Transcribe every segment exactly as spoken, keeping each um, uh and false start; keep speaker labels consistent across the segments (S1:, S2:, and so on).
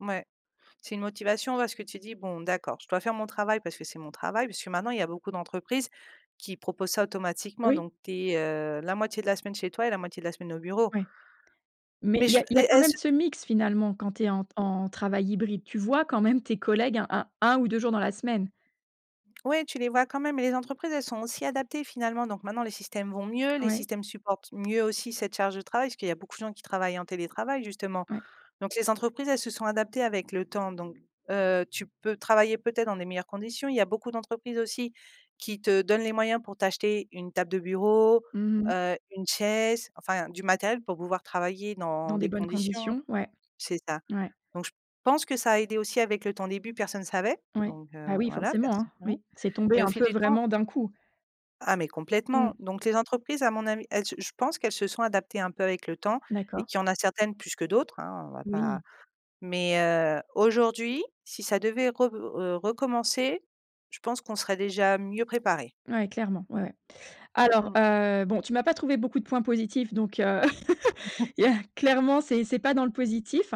S1: Mouais. C'est une motivation, parce que tu dis: «Bon d'accord, je dois faire mon travail parce que c'est mon travail» puisque maintenant il y a beaucoup d'entreprises qui proposent ça automatiquement,
S2: Oui.
S1: donc tu es, heu, la moitié de la semaine chez toi et la moitié de la semaine au bureau.
S2: Oui, mais
S1: Mais
S2: il y a
S1: je
S2: il y
S1: les
S2: a quand même
S1: est-ce
S2: ce mix finalement, quand tu es en t en travail hybride. Tu vois quand même tes collègues un un un ou deux jours dans la semaine.
S1: Ouais tu les vois quand même. Les entreprises elles sont aussi adaptées finalement, donc maintenant les systèmes vont mieux, les
S2: Ouais.
S1: systèmes supportent mieux aussi cette charge de travail, parce qu'il y a beaucoup de gens qui travaillent en télétravail justement
S2: Ouais.
S1: donc les entreprises, elles se sont adaptées avec le temps, donc heu, tu peux travailler peut-être dans des meilleures conditions. Il y a beaucoup d'entreprises aussi qui te donnent les moyens pour t'acheter une table de bureau,
S2: Mmh mh.
S1: heu, une chaise, enfin, du matériel pour pouvoir travailler dans
S2: Dans des
S1: des
S2: bonnes
S1: conditions
S2: conditions. Ouais.
S1: c'est ça
S2: Ouais.
S1: donc je pense que ça a aidé aussi avec le temps. Au début personne savait,
S2: Ouais.
S1: donc
S2: Bah
S1: heu,
S2: oui
S1: voilà
S2: forcément, hein,
S1: personne savait
S2: oui. C'est tombé
S1: mais au
S2: un
S1: fil
S2: peu
S1: du temps
S2: vraiment d'un coup.
S1: Ah mais complètement
S2: Mmh.
S1: donc les entreprises à mon avis elles je je pense qu'elles se sont adaptées un peu avec le temps et
S2: D'accord.
S1: qu'il y a en a certaines plus que d'autres, hein, on va pas
S2: Oui.
S1: mais heu, aujourd'hui, si ça devait rev heu, recommencer, je pense qu'on serait déjà mieux préparés.
S2: Ouais, clairement. Ouais, ouais. Alors,
S1: Mmh.
S2: heu, bon tu m'as pas trouvé beaucoup de points positifs donc heu, il y a clairement c'est c'est pas dans le positif.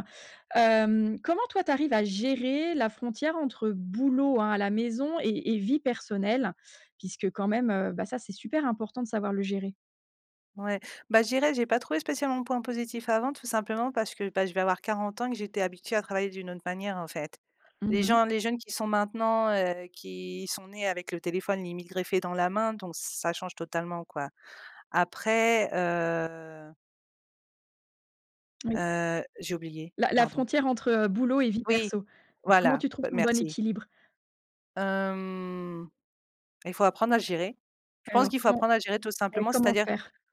S2: Hem, comment toi tu arrives à gérer la frontière entre boulot, hein, à la maison et et vie personnelle? Puisque quand même, heu bah ça, c'est super important de savoir le gérer.
S1: Ouais. Bah je dirais: «J'ai pas trouvé spécialement de points positifs avant tout simplement parce que bah, je vais avoir quarante ans que j'étais habituée à travailler d'une autre manière» en fait. Les
S2: Mmh mh.
S1: gens, les jeunes qui sont maintenant, heu, qui sont nés avec le téléphone limite greffé dans la main donc ça change totalement quoi. Après, heu
S2: Oui.
S1: heu, j'ai oublié,
S2: La la
S1: pardon.
S2: frontière entre, heu, boulot et vie
S1: Oui
S2: perso. Comment
S1: voilà,
S2: tu trouves
S1: heu,
S2: ton bon
S1: merci.
S2: équilibre?
S1: Hem, il faut apprendre à gérer. Je
S2: Et
S1: pense
S2: alors
S1: qu'il faut
S2: comment
S1: apprendre à gérer tout
S2: ouais
S1: simplement,
S2: comment
S1: c'est-à-dire
S2: faire?